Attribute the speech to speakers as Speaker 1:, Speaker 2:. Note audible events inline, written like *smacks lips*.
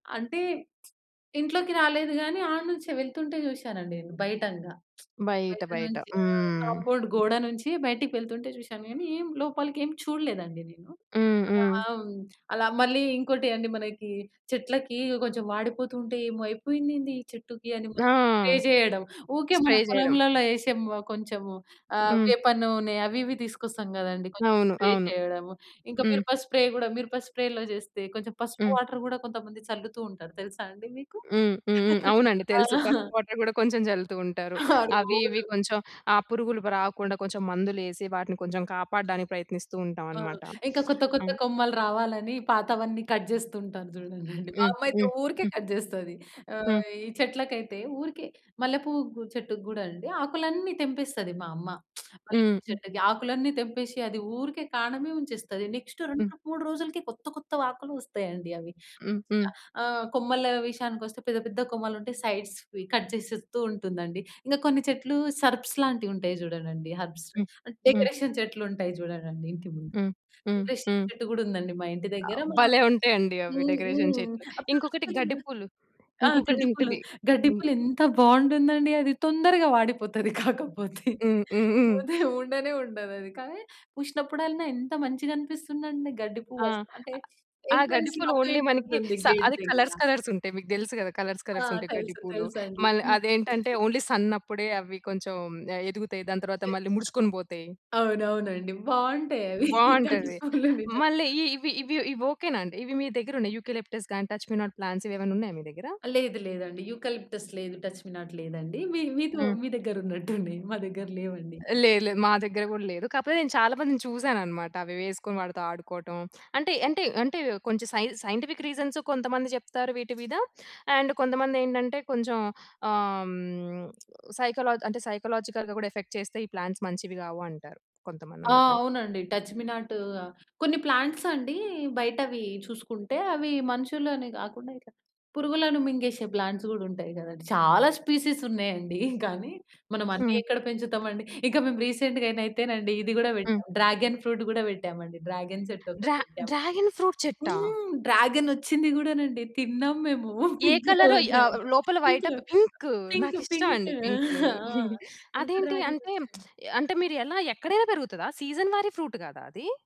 Speaker 1: అంటే *smacks lips* ఇంట్లోకి రాలేదు గానీ ఆడనుంచే వెళ్తుంటే చూసానండి నేను. బయటంగా *smacks lips*
Speaker 2: బయట
Speaker 1: బయట
Speaker 2: బయట
Speaker 1: నుంచి ఆ!
Speaker 2: హ్మ్.
Speaker 1: కాంపౌండ్ గోడ నుంచి బయటికి వెళ్తుంటే చూసాను గానీ ఏం లోపలికి ఏం చూడలేదండి నేను.
Speaker 2: హ్మ్.
Speaker 1: అలా
Speaker 2: హ్మ్.
Speaker 1: హ్మ్. అలా మళ్ళీ ఇంకోటి అండి మనకి చెట్లకి ఇగ కొంచెం వాడిపోతుంటే ఏమో అయిపోయిందేంది ఈ చెట్టుకి అని
Speaker 2: ఆ!
Speaker 1: మళ్ళీ స్ప్రే చేయడం. ఓకే మన
Speaker 2: స్ప్రే చేయడం.
Speaker 1: పొలంలలో వేసి కొంచెం ఆ!
Speaker 2: హ్మ్.
Speaker 1: వేప నూనె అవి ఇవి తీసుకొస్తాం కదండీ. కొంచెం
Speaker 2: అవును.
Speaker 1: స్ప్రే
Speaker 2: అవును.
Speaker 1: చేయడము. ఇంకా
Speaker 2: హ్మ్.
Speaker 1: మిరప స్ప్రే కూడా మిరప స్ప్రేలో చేస్తే కొంచెం పసుపు
Speaker 2: హ్మ్.
Speaker 1: వాటర్ కూడా కొంతమంది చల్లుతూ ఉంటారు తెలుసా అండి మీకు?
Speaker 2: హ్మ్. హ్మ్. హ్మ్.
Speaker 1: *laughs*
Speaker 2: అవునండి
Speaker 1: ఆ!
Speaker 2: తెలుసు. పసుపు వాటర్ కూడా కొంచెం చల్లుతూ ఉంటారు.
Speaker 1: ఆ!
Speaker 2: అవి ఇవి
Speaker 1: రోజు.
Speaker 2: కొంచెం ఆ! పురుగులు ప రాకుండా కొంచెం మందులు వేసి వాటిని కొంచెం కాపాడడానికి ప్రయత్నిస్తూ ఉంటాం
Speaker 1: ఆ!
Speaker 2: అన్నమాట.
Speaker 1: ఇంకా కొత్త కొత్త
Speaker 2: ఆహ్!
Speaker 1: కొమ్మలు రావాలని పాతవన్నీ కట్ చేస్తూ ఉంటా‌ను. చూడండండి మా
Speaker 2: హ్మ్.
Speaker 1: అమ్మ అయితే
Speaker 2: హ్మ్.
Speaker 1: ఊరికే
Speaker 2: హ్మ్.
Speaker 1: కట్ చేస్తది. ఆహ్,
Speaker 2: హ్మ్.
Speaker 1: ఈ చెట్లకైతే ఊరికే మల్లెపువ్వు‌కు చెట్టుకి గూడా అండి ఆకులన్నీ తెంపేస్తది మా అమ్మ. *smacks lips* మల్లెపువ్వు
Speaker 2: హ్మ్
Speaker 1: చెట్టుకి, ఆకులన్నీ తెంపేసి అది ఊరికే కాం‌డమే ఉంచేస్తాది. నెక్స్ట్
Speaker 2: హ్మ్.
Speaker 1: 2,3 రోజులకి కొత్త కొత్త వకులు వస్తాయండి అవి.
Speaker 2: హ్మ్.
Speaker 1: మంచిగా
Speaker 2: హ్మ్.
Speaker 1: ఆ! కొమ్మల విషయానికి వస్తే పెద్ద పెద్ద కొమ్మలు ఉంటే సైడ్స్‌వి కట్ చేసేస్తూ ఉంటుందండి. ఇంకా కొన్ని చెట్లు సర్పస్ లాంటివి ఉంటాయి చూడడండి. హెర్బ్స్,
Speaker 2: హ్మ్. హ్మ్.
Speaker 1: డెకరేషన్ చెట్లు ఉంటాయి చూడడండి ఇంటి ముం
Speaker 2: హ్మ్. హ్మ్.
Speaker 1: డెకరేషన్
Speaker 2: హ్మ్.
Speaker 1: చెట్టు కూడా ఉందండి మా ఇంటి దగ్గర, మా
Speaker 2: భలే ఉంటాయి అండి అవి.
Speaker 1: హ్మ్.
Speaker 2: డెకరేషన్
Speaker 1: హ్మ్.
Speaker 2: చెట్లు,
Speaker 1: ఆ
Speaker 2: ఇంకొకటి
Speaker 1: ప్లాస్టికు
Speaker 2: గడ్డిపూలు
Speaker 1: ఆ
Speaker 2: ఇంకొకటి
Speaker 1: గడ్డి పువ్వులు
Speaker 2: ఉంటది.
Speaker 1: గడ్డి
Speaker 2: హ్మ్.
Speaker 1: పువ్వులు ఎంత బాగుంటుందండి అది తొందరగా వాడిపోతది, కాకపోతే
Speaker 2: హ్మ్. హ్మ్. హ్మ్.
Speaker 1: పోతే ఉండనే ఉండదు అది. కానీ చూసినప్పుడల్లా ఎంత మంచిగా అనిపిస్తుంది అండి. గడ్డి
Speaker 2: ఆ!
Speaker 1: పువ్వు ఆస్ అంటే
Speaker 2: ఆ! గడ్డి
Speaker 1: ఎంట్రన్‌స్‌లో
Speaker 2: పూలు
Speaker 1: ఆటూ
Speaker 2: ఓన్లీ
Speaker 1: ఇటూ
Speaker 2: మనకి
Speaker 1: వుంటుంది
Speaker 2: స
Speaker 1: గేట్
Speaker 2: అవి
Speaker 1: దగ్గర.
Speaker 2: కలర్స్, ‌కలర్స్ ఉంటాయి. మీకు తెలుసు కదా! కలర్స్,
Speaker 1: ఆ!
Speaker 2: ‌కలర్స్ ఉంటాయి గడ్డి
Speaker 1: తెలుసు
Speaker 2: పూలు.
Speaker 1: తెలుసండి.
Speaker 2: మళ్ళా
Speaker 1: పింకు
Speaker 2: అదే ఏంటంటే
Speaker 1: చెట్టు.
Speaker 2: ఓన్లీ సన్ అప్పుడే అవి కొంచెం ఆ! ఎదుగుతాయి. దాని తర్వాత
Speaker 1: యే
Speaker 2: మళ్ళీ ముడుచుకొని పోతాయి.
Speaker 1: అవునవునండి బాగుంటాయి అవి. గడ్డి
Speaker 2: బావుంటది.
Speaker 1: పూవులు నిజం.
Speaker 2: మళ్ళీ ఇ ఇవి ఇవి ఇవి ఓకే‌నా అండి. ఇవి మీ దగ్గర ఉన్నాయి యూకలిప్టస్ గాని, టచ్ మీ నాట్ ప్లాంట్స్ ఇవి ఏమైనా ఉన్నాయా మీ దగ్గర?
Speaker 1: లేదు లేదండి. యూకలిప్టస్ లేదు, టచ్ మీ నాట్ లేదండి. మీ మీతో
Speaker 2: హ్మ్.
Speaker 1: మీ దగ్గర *chuckles* ఉన్నట్టున్నాయ్, మా దగ్గర లేవండి.
Speaker 2: లేదు లేదు, మా దగ్గర కూడా లేదు. కాకపోతే నేను చాలా మందిని చూసాను అన్నమాట. అవి వేసుకొని వాడితో ఆడుకోవటం, అంటే అంటే అంటే‌వ్ కొంచెం సైన్ సైంటిఫిక్ రీజన్స్ కొంతమంది చెప్తారు వీటి మీద. అండ్ కొంతమంది ఏంటంటే కొంచెం ఆహ్, హ్మ్. సైకలా అంటే సైకలాజికల్‌గా కూడా ఎఫెక్ట్ చేస్తే ఈ ప్లాంట్స్ మంచివి కావు అంటారు. కొంతమంది
Speaker 1: ఆ!
Speaker 2: అందుకని.
Speaker 1: అవునండి. టచ్ మీ నాటు, కొన్ని ప్లాంట్స్ అండి బయట అవి చూసుకుంటే, అవి మనుషులనే గాకుండా ఇట్లా పురుగులను మింగేసే ప్లాంట్స్ కూడా ఉంటాయి గదండీ! చాలా స్పెసీస్ ఉన్నాయండి. కానీ మనం అన్నీ
Speaker 2: హ్మ్.
Speaker 1: ఎక్కడ పెంచుతామండి. ఇంకా మేము రీసెంట్‌గా నైతేనండి. ఇది కూడా
Speaker 2: హ్మ్.
Speaker 1: పెట్టాం, డ్రాగన్ కూడా పెట్టామండి. డ్రాగన్ చెట్టు ఒకటి
Speaker 2: డ్రా
Speaker 1: పెట్టాం.
Speaker 2: డ్రాగన్ ఫ్రూట్ చెట్టా!
Speaker 1: హ్మ్, డ్రాగన్ వచ్చింది గూడానండి తిన్నాం మేము.
Speaker 2: ఏ
Speaker 1: పింక్
Speaker 2: కలరు.
Speaker 1: కలర్
Speaker 2: య ఆ!
Speaker 1: డ్రాగన్
Speaker 2: లోపల
Speaker 1: పింక్,
Speaker 2: వైటా, పి పింకు
Speaker 1: పింక్,
Speaker 2: నాకు ఇష్టం
Speaker 1: పింక్
Speaker 2: అండి పింకు.
Speaker 1: ఆ!
Speaker 2: *chuckles*
Speaker 1: పింక్
Speaker 2: అదేంటి
Speaker 1: డ్రాగన్
Speaker 2: అంటే *smacks lips*
Speaker 1: వచ్చింది.
Speaker 2: అంటే మీరు ఎలా ఎక్కడైనా పెరుగుతదా? సీజన్ వారీ ఫ్రూట్ గాదా అది?